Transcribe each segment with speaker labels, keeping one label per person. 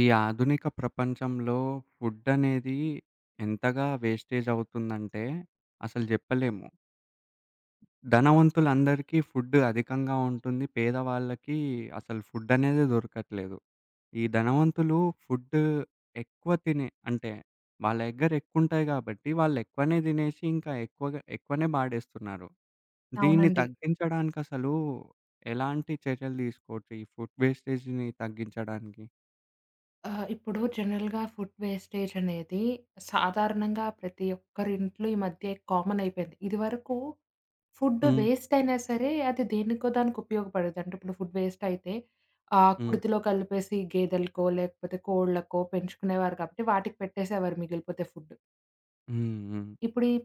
Speaker 1: ఈ ఆధునిక ప్రపంచంలో ఫుడనేది ఎంతగా వేస్టేజ్ అవుతుందంటే, అసలు జెప్పలేము. ధనవంతులందరికీ ఫుడ్ అధికంగా ఉంటుంది, పేదవాళ్ళకి అసలు ఫుడనేదే దొరకట్లేదు. ఈ ధనవంతులు ఫుడ్డు ఎక్కువ తినే, అంటే వాళ్ళ దగ్గర ఎక్కువుంటాయి కాబట్టి, వాళ్ళు ఎక్కువనే దినేసి, ఇంకా ఎక్కువగా ఎక్కువనే బాడేస్తున్నారు. దీన్ని
Speaker 2: అవునండి.
Speaker 1: తగ్గించడానికసలు ఎలాంటి చర్యలు దీసుకోవచ్చు, ఈ ఫుడ్ వేస్టేజ్‌ని తగ్గించడానికి?
Speaker 2: ఆ! ఇప్పుడు జనరల్‌గా ఫుడ్ వేస్టేజనేది సాధారణంగా ప్రతి ఒక్కరి ఇంట్లో ఈ మధ్య కామన్ అయిపోయింది. ఇదివరకు ఫుడ్డు
Speaker 1: హ్మ్.
Speaker 2: వేస్టయినా సరే, అది దేనికో దానికి ఉపయోగపడేది. అంటే ఇప్పుడు ఫుడ్ వేస్టయితే, ఆహ్,
Speaker 1: హ్మ్.
Speaker 2: కుడితిలో కలిపేసి గేదెలకో, లేకపోతే కోళ్లకో, పెంచుకునేవారు కాబట్టి, వాటికి పెట్టేసేవారు మిగిలిపోతే ఫుడ్.
Speaker 1: హ్మ్. హ్మ్.
Speaker 2: ఇప్పుడు ఈ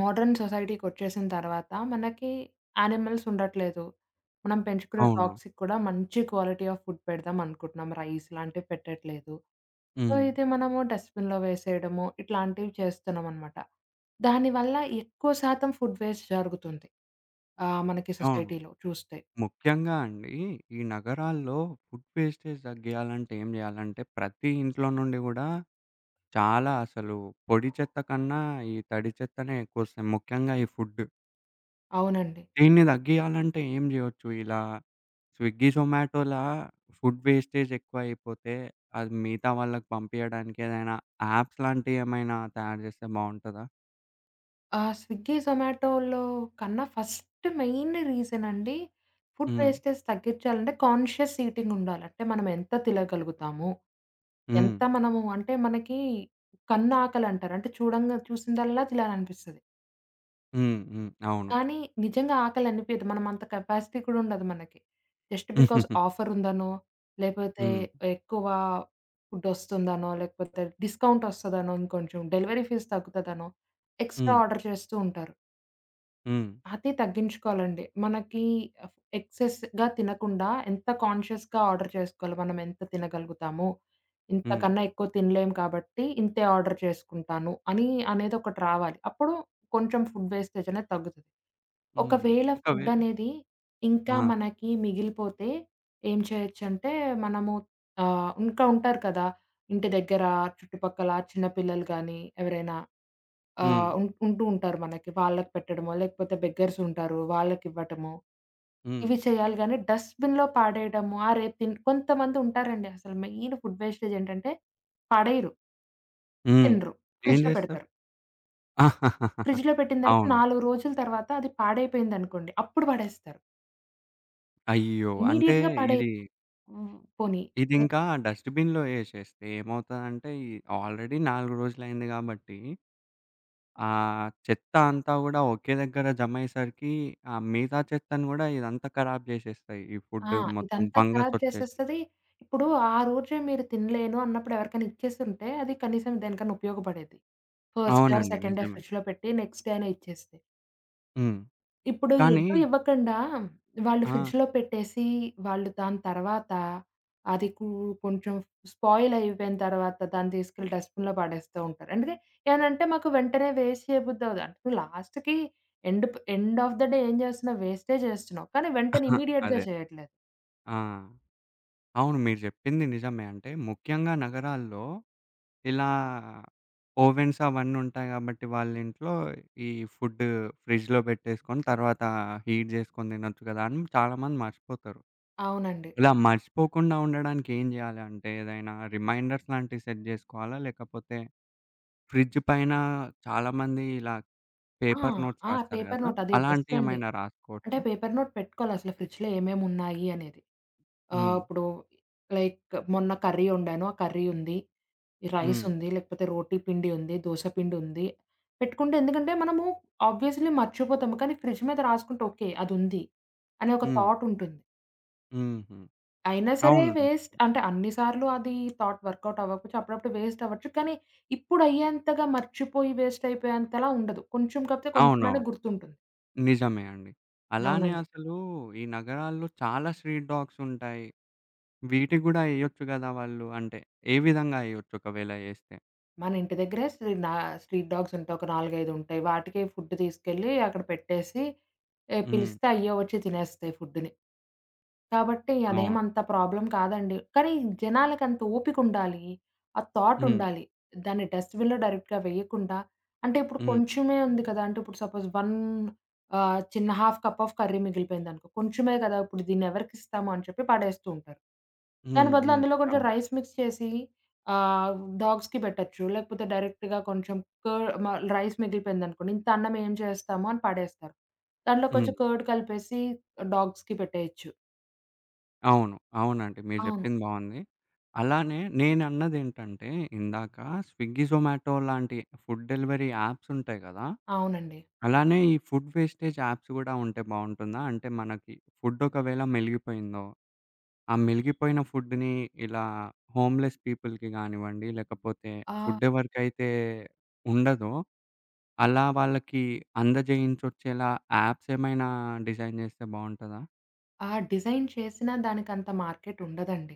Speaker 2: మోడర్న్ సొసైటీకొచ్చేసిన తర్వాత, మనకి యానిమల్స్ ఉండట్లేదు. మనం పెంచుకునే
Speaker 1: అవును.
Speaker 2: డాగ్స్‌కి కూడా మంచి క్వాలిటీ ఆఫ్ ఫుడ్ పెడదాం అనుకుంటున్నాం, రైస్ లాంటివి పెట్టట్లేదు. సో,
Speaker 1: హ్మ్.
Speaker 2: ఇది మనము డస్ట్‌బిన్‌లో వేసేయడము, ఇట్లాంటివి చేస్తున్నామనమాట. దానివల్ల ఎక్కువ శాతం ఫుడ్ వేస్ట్ జరుగుతుంది. ఆహ్, మనకి
Speaker 1: అవును.
Speaker 2: సొసైటీలో చూస్తే.
Speaker 1: ముఖ్యంగా అండి, ఈ నగరాల్లో ఫుడ్ వేస్టేజ్ తగ్గియాలంటే ఏం జేయాలంటే, ప్రతి ఇంట్లో నుండి గూడా చాలా అసలు పొడి చెత్త కన్నా ఈ తడి చెత్తనే ఎక్కువ ఒస్తుంది. ముఖ్యంగా ఈ ఫుడ్డు.
Speaker 2: అవునండి.
Speaker 1: దీన్ని దగ్గియాలంటే ఏం జేయొచ్చు ఇలా స్విగ్గీ, జొమాటోల ఫుడ్ వేస్టేజ్ ఎక్కువైపోతే, అది మిగతా వాళ్ళకి పంపియడానికి ఏదైనా యాప్స్ లాంటియేమైనా తయారు జేస్తే బావుంటదా?
Speaker 2: ఆ! స్విగ్గీ, జొమాటోలో కన్నా ఫస్ట్ మెయిన్ రీజనండి. ఫుడ్
Speaker 1: హ్మ్.
Speaker 2: వేస్టేజ్ తగ్గిచ్చాలంటే, కాన్‌షియస్ ఈటింగ్ ఉండాలి. అంటే మనం ఎంత తినగలుగుతామో, ఎంత
Speaker 1: హ్మ్.
Speaker 2: మనము అంటే మనకి కన్ను ఆకలంటారు అంటే చూడంగా చూసిందల్లా తినాలనిపిస్తది.
Speaker 1: హ్మ్. హ్మ్. అవును.
Speaker 2: కానీ, నిజంగా ఆకలనిపియదు మనం అంత కెపాసిటీ కూడా ఉండదు మనకి. జస్ట్ బికాజ్ ఆఫర్ ఉందనో, లేపోతే
Speaker 1: హ్మ్.
Speaker 2: ఎక్కువ ఫుడ్ వస్తుందనో, లేకపోతే డిస్కౌంట్ వస్తదనో ఇంకొంచం డెలివరీ ఫీజ్ తగ్గుతదనో, ఎక్స్ట్రా
Speaker 1: హ్మ్.
Speaker 2: ఆర్డర్ చేస్తుంటారు.
Speaker 1: హ్మ్.
Speaker 2: అది తగ్గించుకోవాలండి. మనకి అఫ్ ఎక్సెస్‌గా తినకుండా, ఎంత కాన్‌షియస్‌గా ఆర్డర్ జేసుకోవాలో, మనం ఎంత తినగలుగుతాము?
Speaker 1: హ్మ్.
Speaker 2: ఇంతకన్నా ఎక్కువ తినలేము కాబట్టి, ఇంతే ఆర్డర్ చేసుకుంటాను అని అనేది ఒకటి రావాలి. అప్పుడు కొంచెం ఫుడ్ వేస్టేజ్ అనేది తగ్గుతది.
Speaker 1: హుహు.
Speaker 2: ఒకవేళ ఫుడ్
Speaker 1: ఒకవేళ
Speaker 2: అనేది ఇంకా
Speaker 1: ఆ!
Speaker 2: మనకి మిగిలిపోతే ఏం చేయొచ్చంటే, మనము ఆహ్, ఇంకా ఉంటారు కదా, ఇంటి దగ్గర చుట్టుపక్కల, చిన్నపిల్లలు గానీ, ఎవరైనా ఆహ్,
Speaker 1: హ్మ్.
Speaker 2: ఉన్ ఉంటూ ఉంటారు మనకి. వాళ్ళకి పెట్టడమో, లేకపోతే బెగ్గర్స్ ఉంటారు. వాళ్ళకివ్వటమో
Speaker 1: హ్మ్.
Speaker 2: ఇవి చేయాలి గానీ, డస్ట్‌బిన్‌లో పడేయడము. ఆ రేపు తిన్ కొంతమంది ఉంటారండి అసలు మెయిన్ ఫుడ్ వేస్టేజ్ ఏంటంటే పడెయ్యరు!
Speaker 1: హ్మ్.
Speaker 2: తినరు,
Speaker 1: ఏం
Speaker 2: ఫ్రిడ్జ్‌లో
Speaker 1: జేస్తారు?
Speaker 2: పెడతారు. ఫ్రిడ్జ్‌లో పెట్టిన తర్వాత
Speaker 1: అవును.
Speaker 2: 4 రోజుల తర్వాత అది పాడైపోయిందనుకోండి, అప్పుడు పడేస్తారు.
Speaker 1: అయ్యో! అంటే
Speaker 2: ఇమ్మీడియేట్‌గా పడేయ్
Speaker 1: ఇది...
Speaker 2: హుహు. పోనీ
Speaker 1: ఇది ఇంకా డస్ట్‌బిన్‌లో ఎషెస్తే ఏమవుతదంటే, ఇ ఆల్‌రెడీ 4 రోజులయింది కాబట్టి, ఆహ్, చెత్త అంతా గూడా ఒకే దగ్గర జమయ్యేసరికి, ఆ మిగతా చెత్తను గూడా ఇదంతా ఖరాబ్ జేషేస్తాయి. ఈ
Speaker 2: ఆ!
Speaker 1: ఫుడ్డు మొత్తం
Speaker 2: ఇదంతా
Speaker 1: ఫంగస్
Speaker 2: ఖరాబ్
Speaker 1: వచ్చేసి
Speaker 2: చేసేస్తది. ఇప్పుడు ఆ రోజే మీరు తినలేను అన్నప్పుడు ఎవరికైనా ఇచ్చేసుంటే, అది కనీసం దేనికైనా ఉపయోగపడేది. ఫస్ట్ డే ఆర్‌
Speaker 1: అవునండి,
Speaker 2: సెకండ్ డే
Speaker 1: నిజమే.
Speaker 2: ఫ్రిడ్జ్‌లో పెట్టి, నెక్స్ట్ డే అయిన ఇచ్చేస్తే.
Speaker 1: హ్మ్.
Speaker 2: ఇప్పుడు
Speaker 1: కానీ
Speaker 2: ఎటు ఇవ్వకండా హ్మ్, వాళ్ళు
Speaker 1: ఆ!
Speaker 2: ఫ్రిడ్జ్‌లో పెట్టేసి, వాళ్ళు దాని తర్వాత, అది కు కొంచెం స్పాయిల్ అయిపోయిన తర్వాత దాన్ని తీసుకెళ్లి, డస్ట్‌బిన్‌లో పడేస్తూ ఉంటారు. అందుకే ఏమన్నంటే "మాకు వెంటనే వేస్ట్ చేయబుద్ధి అవ్వదు." లాస్ట్‌కి, ఎండ్‌ ప్ ఎండ్‌ ఆఫ్‌ ద డే ఏం జేస్తున్నావు? వేస్టే చేస్తున్నావు. కానీ, వెంటనే ఇమ్మీడియేట్‌గా
Speaker 1: అదే.
Speaker 2: చేయట్లేదు.
Speaker 1: ఆ! అవును. మీరు జెప్పింది నిజమే. అంటే ముఖ్యంగా నగరాల్లో, ఇలా ఓవెన్స్ అవన్నీ ఉంటాయి కాబట్టి వాళ్ళ ఇంట్లో, ఈ ఫుడ్డు ఫ్రిడ్జ్‌లో పెట్టేసుకొని తర్వాత హీట్ జేసుకొని తినొచ్చు కదా! అని చాలామంది మర్చిపోతారు.
Speaker 2: అవునండి.
Speaker 1: ఇలా మర్షిపోకుండా ఉండడానికి ఏం జేయాలంటే, ఏదైనా రిమైండర్స్ లాంటివి సెట్ జేసుకోవాలా? లేకపోతే ఫ్రిడ్జ్ పైన చాలా మంది ఇలా
Speaker 2: ఆ!
Speaker 1: పేపర్ నోట్స్
Speaker 2: ఆ!
Speaker 1: రాస్తారు
Speaker 2: పేపర్
Speaker 1: కదా!
Speaker 2: నోట్ అది బెస్టండి.
Speaker 1: అలాంటియేమైనా
Speaker 2: అంటే
Speaker 1: రాసుకోవచ్చా?
Speaker 2: పేపర్ నోట్ పెట్టుకోవాలసల, ఫ్రిడ్జ్‌లో ఏమేమి ఉన్నాయి అనేది. ఆహ్,
Speaker 1: హ్మ్.
Speaker 2: ఇప్పుడు లైక్ మొన్న కర్రీ వండాను, ఆ కర్రీ ఉంది. ఈ
Speaker 1: హ్మ్.
Speaker 2: రైసుంది, లేకపోతే రోటి పిండి ఉంది, దోస పిండుంది. పెట్టుకుంటే ఎందుకంటే, మనము ఆబ్వియస్‌లి మర్చిపోతాము, కానీ ఫ్రిడ్జ్ మీద రాసుకుంటే ఓకే అది ఉంది అనే ఒక
Speaker 1: హ్మ్.
Speaker 2: థాటుంటుంది.
Speaker 1: హుహు.
Speaker 2: అయినా సరే
Speaker 1: అవునండి.
Speaker 2: వేస్ట్ అంటే అన్ని సార్లు అది థాట్ వర్కౌటవ్వచ్చు అప్పుడప్పుడు వేస్టవ్వచ్చు. కానీ, ఇప్పుడు అయ్యేంతగా మర్చిపోయి వేస్టయిపోయేంతలా ఉండదు. కొంచెం కాకపోతే కొంచెమైన
Speaker 1: అవునవును.
Speaker 2: గుర్తుంటుంది.
Speaker 1: నిజమే అండి. అలానే
Speaker 2: అవునండి.
Speaker 1: అసలు ఈ నగరాల్లో చాలా స్ట్రీట్ డాగ్సుంటాయి. వీటికి గూడా ఎయొచ్చు గదా! వాళ్ళు, అంటే ఏ విధంగా ఎయొచ్చు ఒకవేళ ఎస్తే?
Speaker 2: మన ఇంటి దగ్గర స్ట్రీ నా స్ట్రీట్ డాగ్సుంటాయి. ఒక నాలుగైదుంటాయి. వాటికే ఫుడ్ తీసుకెళ్లి, అక్కడ పెట్టేసి, ఎ
Speaker 1: హ్మ్.
Speaker 2: పిలిస్తే అయ్యే ఒచ్చి తినేస్తాయి ఫుడ్డునీ. కాబట్టి,
Speaker 1: అవును.
Speaker 2: అదేమంత ప్రాబ్లం కాదండి. కానీ, జనాలకంత ఓపికుండాలి. ఆ
Speaker 1: హ్మ్.
Speaker 2: థాటుండాలి. దాన్ని డస్ట్‌బిన్‌లో డైరెక్ట్‌గా వేయకుండా అంటే ఇప్పుడు
Speaker 1: హ్మ్.
Speaker 2: కొంచెమే ఉంది కదా! అంటే ఇప్పుడు సపోజ్ వన్ ఆహ్, చిన్న హాఫ్ కప్ ఆఫ్ కర్రీ మిగిలిపోయిందనుకో కొంచెమే కదా! ఇప్పుడు దీన్నినేవరికిస్తాము అని చెప్పి పడేస్తుంటారు. దాని
Speaker 1: హ్మ్.
Speaker 2: బదులు
Speaker 1: హ్మ్.
Speaker 2: అందులో కొంచెం
Speaker 1: అవును.
Speaker 2: రైస్ మిక్స్ చేసి, ఆహ్, డాగ్స్‌కి పెట్టొచ్చు, లేకపోతే డైరెక్ట్‌గా కొంచెం క మ రైస్ మిగిలిపోయిందనుకోండి, ఇంత అన్నం ఏం చేస్తాముని పడేస్తారు. దాంట్లో కొంచెం
Speaker 1: హ్మ్.
Speaker 2: కర్డ్ కలిపేసి డాగ్స్‌కి పెట్టేయొచ్చు.
Speaker 1: అవును. అవునండి. మీరు
Speaker 2: అవును.
Speaker 1: జెప్పింది బావుంది. అలానే నేనన్నది ఏంటంటే, ఇందాక స్విగ్గీ, జొమాటో లాంటి ఫుడ్ డెలివరీ యాప్సుంటాయి కదా!
Speaker 2: అవునండి.
Speaker 1: అలానే ఈ ఫుడ్ వేస్టేజ్ యాప్స్ కూడా ఉంటే బావుంటుందా? అంటే మనకి ఫుడ్ ఒకవేళ మెలిగిపోయిందో, ఆ మెలిగిపోయిన ఫుడ్‌ని ఇలా హోమ్ లెస్ పీపుల్‌కి గానివ్వండి, లేకపోతే
Speaker 2: ఆ!
Speaker 1: ఫుడ్ ఎవరికైతే ఉండదో, అలా వాళ్ళకి అందజేయించొచ్చేలా యాప్స్ ఏమైనా డిజైన్ జేస్తే బావుంటదా?
Speaker 2: ఆ డిజైన్ చేసినా దానికంత మార్కెటుండదండి.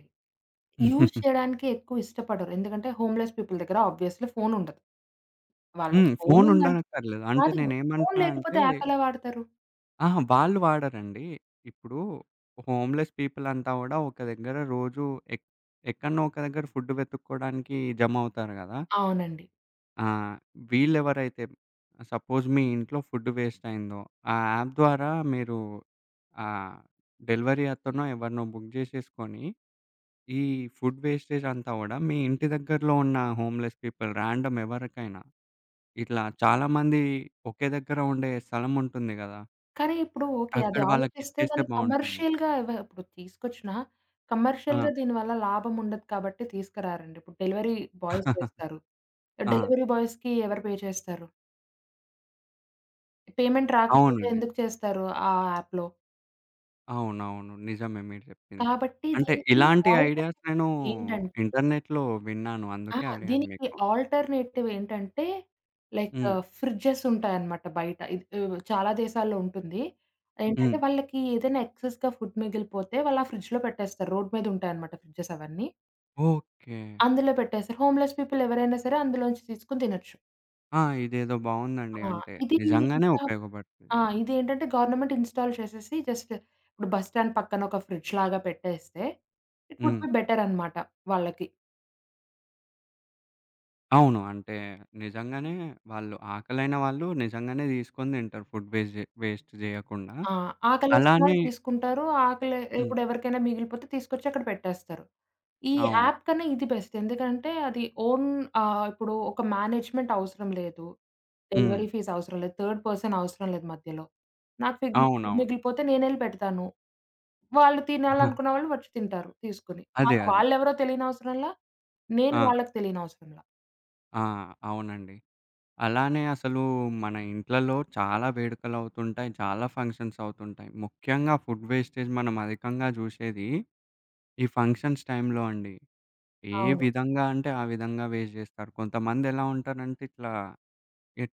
Speaker 2: యూజ్ చేయడానికి ఎక్కువ ఇష్టపడరు. ఎందుకంటే, హోమ్ లెస్ పీపుల్ దగ్గర ఆబ్వియస్‌లి ఫోనుండదు. వాళ్ళకి
Speaker 1: హ్మ్.
Speaker 2: ఫోను ఉందం
Speaker 1: ఫోనుండనక్కర్లేదు. అంటే
Speaker 2: కాదు, ఫోను
Speaker 1: నేనేమంటున్నా
Speaker 2: లేకపోతే
Speaker 1: అంటే
Speaker 2: యాప్ ఎలా వాడతారు?
Speaker 1: ఆహా! వాళ్ళు వాడరండి. ఇప్పుడు హోమ్ లెస్ పీపుల్ అంతా గూడా ఒక దగ్గర రోజు ఎక్ ఎక్కడనో ఒక దగ్గర ఫుడ్ వెతుక్కోడానికి జమవుతారు గదా!
Speaker 2: అవునండి.
Speaker 1: ఆ! వీళ్ళెవరైతే సపోజ్ మీ ఇంట్లో ఫుడ్ వేస్టయిందో, ఆ యాప్ ద్వారా మీరు ఆహ్, డెలివరీ అతనో, ఎవరినో బుక్ జేసేసుకొని, ఈ ఫుడ్ వేస్టేజంతా గూడా, మీ ఇంటి దగ్గరలో ఉన్న హోమ్ లెస్ పీపుల్ ర్యాండమ్ ఎవరికైనా, ఇట్లా చాలా మంది ఒకే దగ్గర ఉండే స్థలముంటుంది గదా!
Speaker 2: కానీ ఇప్పుడు ఓకే. అది
Speaker 1: అక్కడ
Speaker 2: ఆలోచిస్తే
Speaker 1: వాళ్ళకిచ్చేస్తే
Speaker 2: దాన్ని
Speaker 1: బావుంటుంది.
Speaker 2: కమర్షియల్‌గా ఎవ ఇప్పుడు తీసుకొచ్చినా
Speaker 1: ఆ!
Speaker 2: కమర్షియల్‌గా దీనివల్ల లాభం ఉండదు కాబట్టి, తీసుకురారండి. ఇప్పుడు డెలివరీ బాయ్స్ చేస్తారు.
Speaker 1: ఆ!
Speaker 2: డెలివరీ బాయ్స్‌కి ఎవరు పే చేస్తారు? పేమెంట్ రాకపోతే
Speaker 1: అవునండి.
Speaker 2: ఎందుకు చేస్తారు? ఆహ్, యాప్‌లో.
Speaker 1: అవునవును. నిజమే మీరు జెప్పింది.
Speaker 2: కాబట్టి
Speaker 1: అంటే
Speaker 2: దీనికి
Speaker 1: ఇలాంటి ఐడియాస్ నేను
Speaker 2: ఆల్టర్నేటివ్ ఏంటంటే
Speaker 1: ఇంటర్నెట్‌లో విన్నాను.
Speaker 2: ఆ!
Speaker 1: అందుకే అడిగాను
Speaker 2: దీనికి
Speaker 1: మీకు.
Speaker 2: ఆల్టర్నేటివ్ ఏంటంటే, లైక్
Speaker 1: హ్మ్.
Speaker 2: ఫ్రిడ్జెస్ ఉంటాయన్నమాట బయట. ఇది ఉ చాలా దేశాల్లో ఉంటుంది. ఏంటంటే,
Speaker 1: హ్మ్.
Speaker 2: వాళ్ళకి ఏదైనా ఎక్సెస్‌గా ఫుడ్ మిగిలిపోతే, వాళ్ళు ఆ ఫ్రిడ్జులో పెట్టేస్తారు. రోడ్డు మీద ఉంటాయన్నమాట ఫ్రిడ్జెస్ అవన్నీ.
Speaker 1: ఓకే.
Speaker 2: అందులో పెట్టేస్తారు. హోమ్‌లెస్ పీపుల్ ఎవరైనా సరే అందులోంచి తీసుకొని తినొచ్చు.
Speaker 1: ఆ! ఇదేదో బావుందండి.
Speaker 2: ఆ!
Speaker 1: అంటే
Speaker 2: ఇది
Speaker 1: నిజంగానే
Speaker 2: ఇంకా ఆ!
Speaker 1: ఉపయోగపడుతుంది.
Speaker 2: ఇది ఏంటంటే, గవర్నమెంట్ ఇన్‌స్టాల్ చేసేసి జస్ట్ ఇప్పుడు బస్ స్టాండ్ పక్కన ఒక ఫ్రిడ్జులాగా పెట్టేస్తే, ఇట్ వుడ్
Speaker 1: హ్మ్.
Speaker 2: బి బెటర్ అనమాట. వాళ్ళకి.
Speaker 1: అవును. అంటే నిజంగానే వాళ్ళు ఆకలైన వాళ్ళు, నిజంగానే తీసుకొని తింటారు ఫుడ్ వేస్ట్‌ జే వేస్ట్ జేయకుండా
Speaker 2: ఆ! ఆకలేసిన
Speaker 1: అలానే
Speaker 2: వాళ్ళు తీసుకుంటారు. ఆకలె
Speaker 1: హ్మ్.
Speaker 2: ఇప్పుడు ఎవరికైనా మిగిలిపోతే తీసుకొచ్చి అక్కడ పెట్టేస్తారు. ఈ
Speaker 1: అవును.
Speaker 2: యాప్ కన్నా ఇది బెస్ట్. ఎందుకంటే, అది ఓన్ ఆహ్, ఇప్పుడు ఒక మేనేజ్‌మెంట్ అవసరం లేదు. డెలివరీ
Speaker 1: హ్మ్.
Speaker 2: ఫీజ్ అవసరం లేదు. థర్డ్ పర్సన్ అవసరం లేదు మధ్యలో. నాకు ఫుడ్
Speaker 1: అవునవును.
Speaker 2: మిగిలిపోతే నేనెళ్లి పెడతాను. వాళ్ళు
Speaker 1: ఆ!
Speaker 2: తినాలనుకున్న వాళ్ళు వచ్చి తింటారు తీసుకొని.
Speaker 1: అదే.
Speaker 2: మాకు
Speaker 1: అదే.
Speaker 2: వాళ్ళు ఎవరో తెలియని అవసరంలా. నేను
Speaker 1: ఆ!
Speaker 2: వాళ్ళకి తెలియని అవసరంలా.
Speaker 1: ఆ! అవునండి. అలానే అసలు మన ఇంట్లలో చాలా వేడుకలవుతుంటాయి. చాలా ఫంక్షన్స్ అవుతుంటాయి. ముఖ్యంగా ఫుడ్ వేస్టేజ్ మనం అధికంగా జూశేది ఈ ఫంక్షన్స్ టైంలో అండి. ఏ
Speaker 2: అవును.
Speaker 1: విధంగా అంటే ఆ విధంగా వేస్ట్ జేస్తారు. కొంతమందెలా ఉంటారంటే ఇట్లా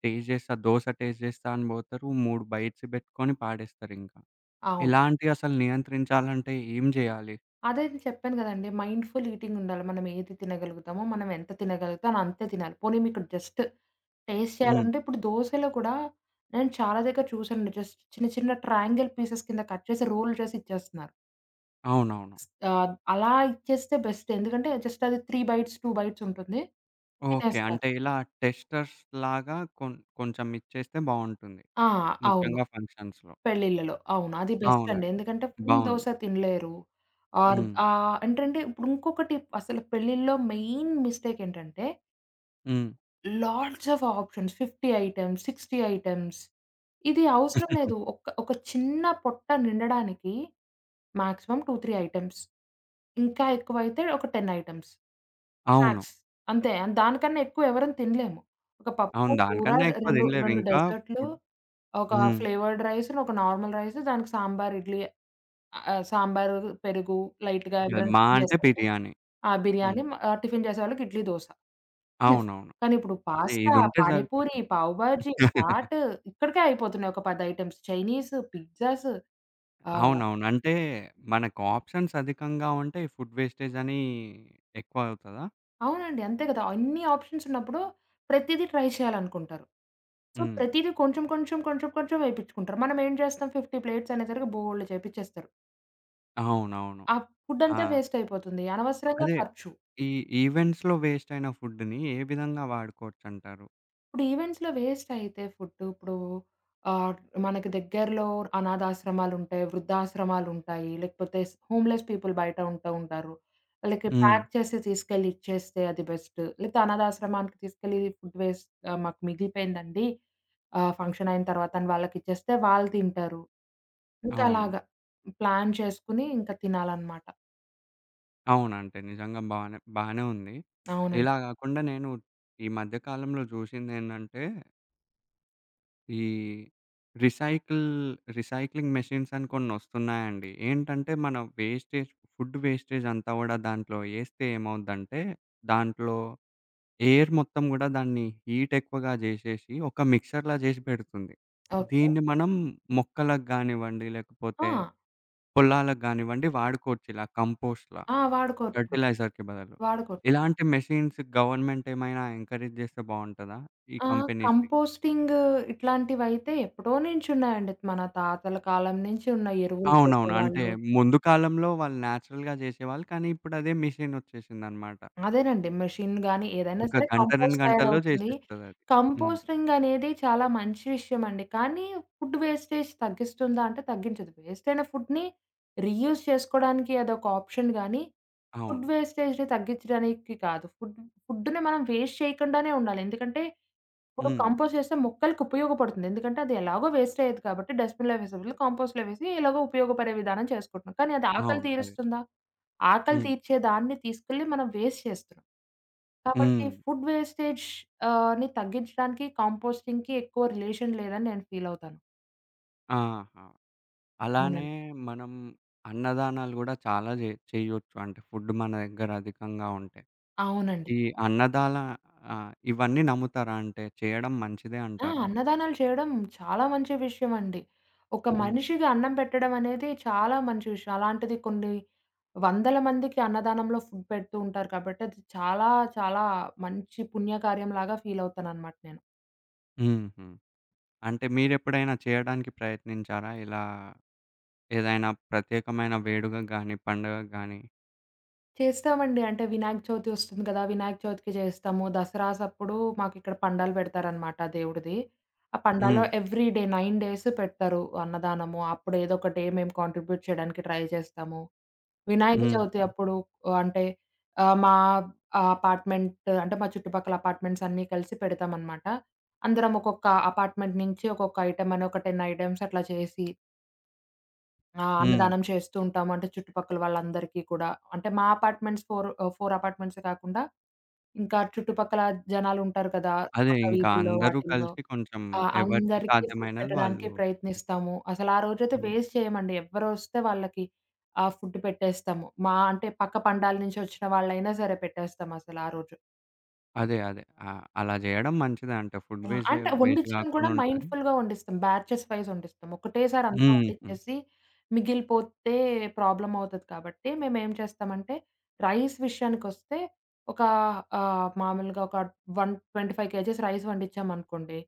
Speaker 1: టేస్ట్ జేస్తే, దోస టేస్ట్ జేస్తా అని బోతారు 3 బైట్స్ బెట్టుకొని పాడేస్తారింకా.
Speaker 2: అవును.
Speaker 1: ఇలాంటివి అసలు నియంత్రించాలంటే ఏం జేయాలి?
Speaker 2: అదే. నేను చెప్పాను గదండీ! మైండ్‌ఫుల్ ఈటింగ్ ఉండాలి. మనం ఏది తినగలుగుతాము మనం ఎంత తినగలుగుతామో అంతే తినాలి. పోనీ మీకు జస్ట్ టేస్ట్
Speaker 1: హ్మ్.
Speaker 2: చేయాలంటే ఇప్పుడు దోసలో కూడా నేను చాలా దగ్గర చూసాను జస్ట్ చిన్న చిన్న ట్రయాంగిల్ పీసెస్ కింద కట్ చేసి రోల్ చేసి ఇచ్చేస్తున్నారు.
Speaker 1: అవునవును.
Speaker 2: స్ ఆహ్, అలా ఇచ్చేస్తే బెస్ట్ ఎందుకంటే జస్ట్ అది 3 బైట్స్, 2 బైట్స్ ఉంటుంది.
Speaker 1: ఓకే.
Speaker 2: తినేస్తారు.
Speaker 1: అంటే ఇలా టెస్టర్స్‌లాగా కొం కొంచెం ఇచ్చేస్తే బావుంటుంది.
Speaker 2: ఆ! అవును.
Speaker 1: ముఖ్యంగా ఫంక్షన్స్‌లో.
Speaker 2: పెళ్ళిల్లలో అవును. అది బెస్ట్ అండి.
Speaker 1: అవునండి.
Speaker 2: ఎందుకంటే ఫుల్
Speaker 1: బావుంది.
Speaker 2: దోస తినలేరు. ఆర్
Speaker 1: హ్మ్.
Speaker 2: ఆహ్, ఏంటంటే ఇప్పుడు ఇంకొకటి అసలు పెళ్ళి‌ల్లో మెయిన్ మిస్టేక్ ఏంటంటే
Speaker 1: హ్మ్.
Speaker 2: Lots of options 50 items, 60 items ఇది అవసరం లేదు. ఒక్క ఒక చిన్న పొట్ట నిండడానికి మ్యాక్సిమం 2, 3 ఐటెమ్స్. ఇంకా ఎక్కువైతే ఒక 10 ఐటెమ్స్.
Speaker 1: అవును.
Speaker 2: స్నాక్స్. అంతే దానికన్నా ఎక్కువ ఎవరు తినలేము. ఒక పప్పు
Speaker 1: అవును.
Speaker 2: కూర
Speaker 1: దానికన్నా
Speaker 2: రె
Speaker 1: ఎక్కువ
Speaker 2: రెండు
Speaker 1: దినలేరు
Speaker 2: 2
Speaker 1: ఇంకా
Speaker 2: డెజర్ట్‌లు
Speaker 1: ఫుడ్
Speaker 2: ఒక
Speaker 1: హ్మ్.
Speaker 2: ఫ్లేవర్డ్ రైస్‌ ఒక నార్మల్ రైస్ దానికి సాంబారు ఇడ్లీ ఆహ్, సాంబారు, పెరుగు లైట్‌గా
Speaker 1: అది
Speaker 2: ఎవరైనా
Speaker 1: మా
Speaker 2: టిఫిను
Speaker 1: అంటే
Speaker 2: చేస్తుంటే.
Speaker 1: బిర్యానీ.
Speaker 2: ఆ
Speaker 1: హ్మ్.
Speaker 2: బిర్యానీ ఆహ్, టిఫిను చేసేవాళ్ళకి ఇడ్లీ, దోస. ఇనఫ్
Speaker 1: అవునవును.
Speaker 2: కానీ ఇప్పుడు
Speaker 1: ఇది
Speaker 2: పాస్తా,
Speaker 1: ఇది ఉంటే
Speaker 2: పానీపూరి,
Speaker 1: సరిపోతుంది.
Speaker 2: పావ్ భాజీ, చాటు ఇక్కడికే అయిపోతున్నాయి ఒక 10 ఐటెమ్స్ చైనీసు, పిజ్జాసు ఆహ్
Speaker 1: అవునవును. అంటే మనకు ఆప్షన్స్ అధికంగా ఉంటే ఈ ఫుడ్ వేస్టేజని ఎక్కువ అవుతదా?
Speaker 2: అవునండి. అంతే గదా! అన్ని ఆప్షన్స్ ఉన్నప్పుడు ప్రతీదీ ట్రై చేయాలనుకుంటారు. సో,
Speaker 1: హ్మ్.
Speaker 2: ప్రతీదీ కొంచెం కొంచెం కొంచెం కొంచెం ఎపించుకుంటారు. మనం ఏం జేస్తాం 50 ప్లేట్స్ అనేసరికి బోలెడు చేపించేస్తారు.
Speaker 1: అవునవును.
Speaker 2: ఆ ఫుడంతా
Speaker 1: ఆ!
Speaker 2: వేస్టయిపోతుంది. అనవసరంగా
Speaker 1: అదే
Speaker 2: ఖర్చు.
Speaker 1: ఈ ఈవెంట్స్‌లో వేస్టయిన ఫుడ్‌ని ఏ విధంగా వాడుకోవచ్చు అంటారు?
Speaker 2: ఇప్పుడు ఈవెంట్స్‌లో వేస్టయితే ఫుడ్ ఇప్పుడూ ఆహ్, మనకి దగ్గర్లో అనాధాశ్రమాలుంటాయి, వృద్ధాశ్రమాలుంటాయి. లేకపోతే స్ హోమ్‌లెస్ పీపుల్ బయట ఉంటా ఉంటారు ఆళ్ళకి
Speaker 1: హ్మ్.
Speaker 2: ప్యాక్ చేసి, తీసుకెళ్ళి ఇచ్చేస్తే, అది బెస్ట్. లేతే అనాధాశ్రమానికి తీసుకెళ్లి, ఫుడ్ వేస్ట్ "ఆహ్, మాకు మిగిలిపోయిందండి, ఆహ్, ఫంక్షనయిన తర్వాత" అని వాళ్ళకిచ్చేస్తే, వాళ్ళు తింటారు.
Speaker 1: అవును.
Speaker 2: ఇంకలాగ ప్లాన్ చేసుకోని, ఇంక తినాలన్నమాట.
Speaker 1: అవునంటే నిజంగ బానె బానే ఉంది.
Speaker 2: అవునండి.
Speaker 1: ఇలా గాకుండా నేను ఈ మధ్యకాలంలో జూశిందేందంటే... ఈ రిసైకిల్ రిసైక్లింగ్ మెషిన్స్ అని కొన్నొస్తున్నాయండి. ఏంటంటే, మన వేస్టేజ్ ఫుడ్ వేస్టేజంతా గుడా దాంట్లో ఎస్తే ఏమవుద్దంటే, దాంట్లో ఎయిర్ మొత్తం గుడా దాన్ని హీటెక్కువగా జేశేశి, ఒక మిక్సర్‌లా జేశి పెడుతుంది.
Speaker 2: ఓకే.
Speaker 1: దీన్ని మనం మొక్కలకి గానివ్వండి లేకపోతే,
Speaker 2: ఆ!
Speaker 1: పొలాలకి గానివ్వండి వాడుకోవచ్చు. ఇలా కంపోస్ట్‌లా.
Speaker 2: ఆ! వాడుకోచ్చు.
Speaker 1: ఫెర్టిలైజర్‌కి బదులు.
Speaker 2: వాడుకోచ్చు.
Speaker 1: ఇలాంటి మెషిన్స్ గవర్నమెంటేమైనా ఎంకరేజ్ జేస్తె బావుంటదా? ఈ
Speaker 2: ఆ!
Speaker 1: కంపెనీస్‌ని.
Speaker 2: కంపోస్టింగ్ ఇట్లాంటివైతే ఎప్పుడో నుంచున్నాయండి. మన తాతల కాలం నుంచి ఉన్నాయి ఎరువులు
Speaker 1: అవునవును. అంటే
Speaker 2: చేసేవాళ్ళు.
Speaker 1: ముందు కాలంలో వాళ్ళు నేచురల్‌గా జేశేవాళ్ళు కానీ, ఇప్పుడు అదే మెషినొచ్చేశిందన్నమాట.
Speaker 2: అదేనండి. మెషినులు గాని, ఏదైనా
Speaker 1: ఒక
Speaker 2: సరే
Speaker 1: గంట, రెండు
Speaker 2: కంపోస్ట్
Speaker 1: గంటల్లో
Speaker 2: తయారవుతుంది.
Speaker 1: జేశేస్తదది. హ్మ్.
Speaker 2: కంపోస్టింగనేది చాలా మంచి విషయమండి. కానీ, ఫుడ్ వేస్టేజ్ తగ్గిస్తుందా అంటే తగ్గించదు. వేస్టయిన ఫుడ్‌ని రీయూజ్ చేసుకోడానికి అదొక ఆప్షన్ గానీ,
Speaker 1: అవును.
Speaker 2: ఫుడ్ వేస్టేజ్‌ని తగ్గిచ్చడానికి కాదు. ఫుడ్ ఫుడ్‌ని మనం వేస్ట్ చేయకుండానే ఉండాలి. ఎందుకంటే, ఇప్పుడు
Speaker 1: హ్మ్.
Speaker 2: కంపోస్ట్ జేస్తె మొక్కలకి ఉపయోగపడుతుంది. ఎందుకంటే, అది ఎలాగో వేస్టయ్యేది కాబట్టి, డస్ట్‌బిన్‌లో వేసే బదులు కంపోస్ట్‌లో వేసి ఎలాగో ఉపయోగపడే విధానం చేసుకుంటున్నాం. కానీ, అది ఆకలి
Speaker 1: అవును. కయ్
Speaker 2: తీరుస్తుందా? ఆకలి
Speaker 1: హ్మ్.
Speaker 2: తీర్చేదాన్ని తీసుకెళ్లి మనం వేస్ట్ చేస్తున్నాం. కాబట్టి,
Speaker 1: హ్మ్.
Speaker 2: ఫుడ్ వేస్టేజ్ ఆని తగ్గించడానికి కంపోస్టింగ్‌కి ఎక్కువ రిలేషన్ లేదని నేను ఫీలవుతాను.
Speaker 1: ఆహా! అలానే
Speaker 2: అవునండి.
Speaker 1: మనం అన్నదానాలు గూడా చాలా జే చేయ్యొచ్చు అంటే ఫుడ్ మన దగ్గర అధికంగా ఉంటే.
Speaker 2: అవునండి.
Speaker 1: ఈ అన్నదాలా ఆహ్, ఇవన్నీ నమ్ముతారా? అంటే జేయడం మంచిదే
Speaker 2: ఆ!
Speaker 1: అంటారా?
Speaker 2: అన్నదానాలు చేయడం చాలా మంచి విషయమండి. ఒక
Speaker 1: హ్మ్.
Speaker 2: మనిషికి అన్నం పెట్టడం అనేది చాలా మంచి విషయం. అలాంటిది కొన్ని వందల మందికి అన్నదానంలో ఫుడ్ పెడుతూ ఉంటారు కాబట్టి, అది చాలా చాలా మంచి పుణ్యకార్యంలాగా ఫీలవుతాననమాట నేను.
Speaker 1: హుహు. అంటే మీరెప్పుడైనా చేయడానికి ప్రయత్నించారా? ఇలా ఏదైనా ప్రత్యేకమైన వేడుకకు గాని, పండగకు గాని?
Speaker 2: చేస్తామండి. అంటే వినాయక చవితి వస్తుంది గదా! వినాయక చవితికి చేస్తాము. దసరాసప్పుడు మాకిక్కడ పండాలు పెడతారనమాట దేవుడిది. ఆ పండాలో
Speaker 1: హ్మ్.
Speaker 2: ఎవ్రీ డే 9 డేసు పెడతారు అన్నదానము. అప్పుడు ఏదో ఒక డే మేము కాంట్రిబ్యూట్ చేయడానికి ట్రై జేస్తాము. వినాయక చవితి
Speaker 1: హుహు.
Speaker 2: అప్పుడు అంటే ఆహ్, మా అపార్ట్‌మెంట్ అంటే మా చుట్టుపక్కల అపార్ట్‌మెంట్సన్నీ కలిసి పెడతామనమాట. అందరం ఒక్కొక్క అపార్ట్‌మెంట్ నుంచి ఒక్కొక్క ఐటెమని ఒక 10 ఐటెమ్స్ అట్లా చేసి ఆ!
Speaker 1: హ్మ్.
Speaker 2: అన్నదానం చేస్తుంటాము. అంటే చుట్టుపక్కల వాళ్ళందరికీ కూడా అంటే మా అపార్ట్‌మెంట్స్ ఫోర్ ఆహ్, 4 అపార్ట్‌మెంట్సే గాకుండా ఇంకా చుట్టుపక్కల జనాలుంటారు కదా!
Speaker 1: అదే.
Speaker 2: పక్క
Speaker 1: ఇంకా
Speaker 2: వీధుల్లో
Speaker 1: అందరూ
Speaker 2: వాటిల్లో
Speaker 1: కలిసి కొంచెం
Speaker 2: ఆ!
Speaker 1: ఎవరికీ
Speaker 2: అందరికీ ఫుడ్
Speaker 1: సాధ్యమైనది
Speaker 2: పెట్టడానికే
Speaker 1: వాళ్ళు చే
Speaker 2: ప్రయత్నిస్తాము. అసలరోజైతే వేస్ట్ చేయమండి. ఎవరొస్తే వాళ్ళకి ఆహ్, ఫుడ్ పెట్టేస్తాము. మా అంటే పక్క పండాల నుంచి ఒచ్చిన వాళ్ళైనా సరే పెట్టేస్తాం అసల ఆ రోజు.
Speaker 1: అదే. అదే. ఆహ్, అలా జేయడం మంచిదే అంట. ఫుడ్
Speaker 2: ఆ!
Speaker 1: వేస్ట్ జేయ
Speaker 2: అంటే
Speaker 1: వేస్ట్
Speaker 2: వండిచచడం కూడా
Speaker 1: గాకుండా ఉంటది.
Speaker 2: మైండ్‌ఫుల్‌గా వండిస్తాం. బ్యాచెస్ వైస్ వండిస్తాం. ఒకటేసారి అంతా
Speaker 1: హుహు.
Speaker 2: వండిచ్చేసి మిగిలిపోతే ప్రాబ్లమవుతది కాబట్టి, మేమేం చేస్తామంటే రైస్ విషయానికొస్తే ఒక ఆహ్, మామూలుగా ఒక 125 కేజీస్ రైస్ వండచ్చామనుకోండి.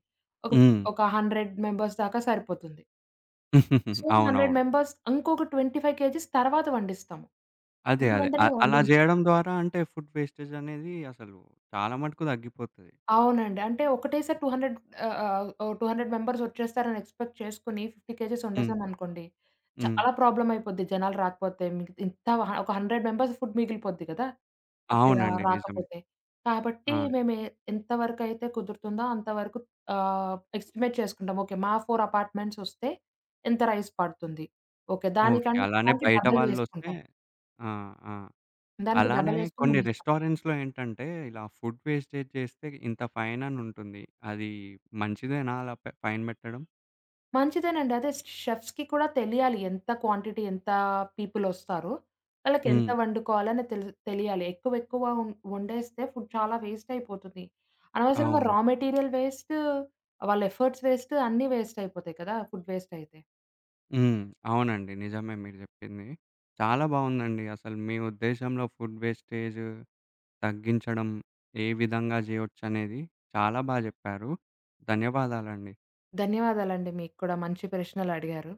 Speaker 2: ఒక
Speaker 1: హ్మ్.
Speaker 2: ఒక 100 మెంబర్స్ దాకా సరిపోతుంది. సో, 100
Speaker 1: అవునవును.
Speaker 2: మెంబర్స్ ఇంకొక 25 కేజీస్ తర్వాత వండిస్తాం.
Speaker 1: అదే.
Speaker 2: వెంట
Speaker 1: అదే. అ
Speaker 2: వెంటనే
Speaker 1: అలా
Speaker 2: వండించ
Speaker 1: జేయడం ద్వారా అంటే ఫుడ్ వేస్టేజనేది అసలు చాలా మటుకు తగ్గిపోతది.
Speaker 2: అవునండి. అంటే ఒకటే సారి టూ హండ్రెడ్ ఆహ్, ఆహ్, ఓ 200 మెంబర్సొచ్చేస్తారని ఎక్స్‌పెక్ట్ చేసుకొని 50 కేజీస్
Speaker 1: హ్మ్.
Speaker 2: వండేసాం అనుకోండి.
Speaker 1: హ్మ్.
Speaker 2: చాలా ప్రాబ్లమయిపోద్ది జనాలు రాకపోతే మీకు ఇంత ఒక 100 మెంబర్స్ ఫుడ్ మిగిలిపోద్ది గదా! ఓకే,
Speaker 1: అవునండి. నిజమే.
Speaker 2: రాకపోతే కాబట్టి
Speaker 1: ఆ!
Speaker 2: మేము ఎ ఎంతవరకయితే కుదురుతుందో అంతవరకు ఆహ్, ఎస్టిమేట్ చేసుకుంటాం ఓకే మా 4 అపార్ట్మెంట్సొస్తే ఇంత రైస్ పడుతుంది. ఓకే.
Speaker 1: ఓకే.
Speaker 2: దానికం
Speaker 1: అలానే
Speaker 2: దానికి
Speaker 1: బయట
Speaker 2: డబల్
Speaker 1: వాళ్ళొస్తే,
Speaker 2: వేసుకుంటాం.
Speaker 1: ఆ! ఆ!
Speaker 2: దానికి
Speaker 1: అలానే
Speaker 2: డబలేసుకొని
Speaker 1: కొన్ని
Speaker 2: వండిస్తాం.
Speaker 1: రెస్టారెంట్స్‌లో ఏంటంటే ఇలా ఫుడ్ వేస్టేజ్ జేస్తే ఇంత ఫైనని ఉంటుంది. అది మంచిదేనా అలా ఫైన్ పెట్టడం?
Speaker 2: మంచిదేనండి. అదే. స్ షెఫ్స్‌కి కూడా తెలియాలి. ఎంత క్వాంటిటీ ఎంత పీపులొస్తారు? వాళ్ళకి ఎంత
Speaker 1: హ్మ్.
Speaker 2: వండుకోవాలి? అని తెలి తెలియాలి. ఎక్కువెక్కువ వం వండేస్తే ఫుడ్ చాలా వేస్టయిపోతుంది. అనవసరంగా
Speaker 1: అవును.
Speaker 2: రా మెటీరియల్ పేస్ట్, వాళ్ళ ఎఫర్ట్స్ పేస్ట్ అన్నీ వేస్టయిపోతాయి కదా! ఫుడ్ పేస్టయితే.
Speaker 1: హ్మ్. అవునండి. నిజమే మీరు జెప్పింది. చాలా బావుందండి. అసలు మీ ఉద్దేశంలో ఫుడ్డు వేస్టేజు తగ్గించడం ఏ విధంగా జేయొచ్చనేది చాలా బా జెప్పారు. ధన్యవాదాలండి.
Speaker 2: ధన్యవాదాలండి. మీకు కూడా మంచి ప్రశ్నలడిగారు.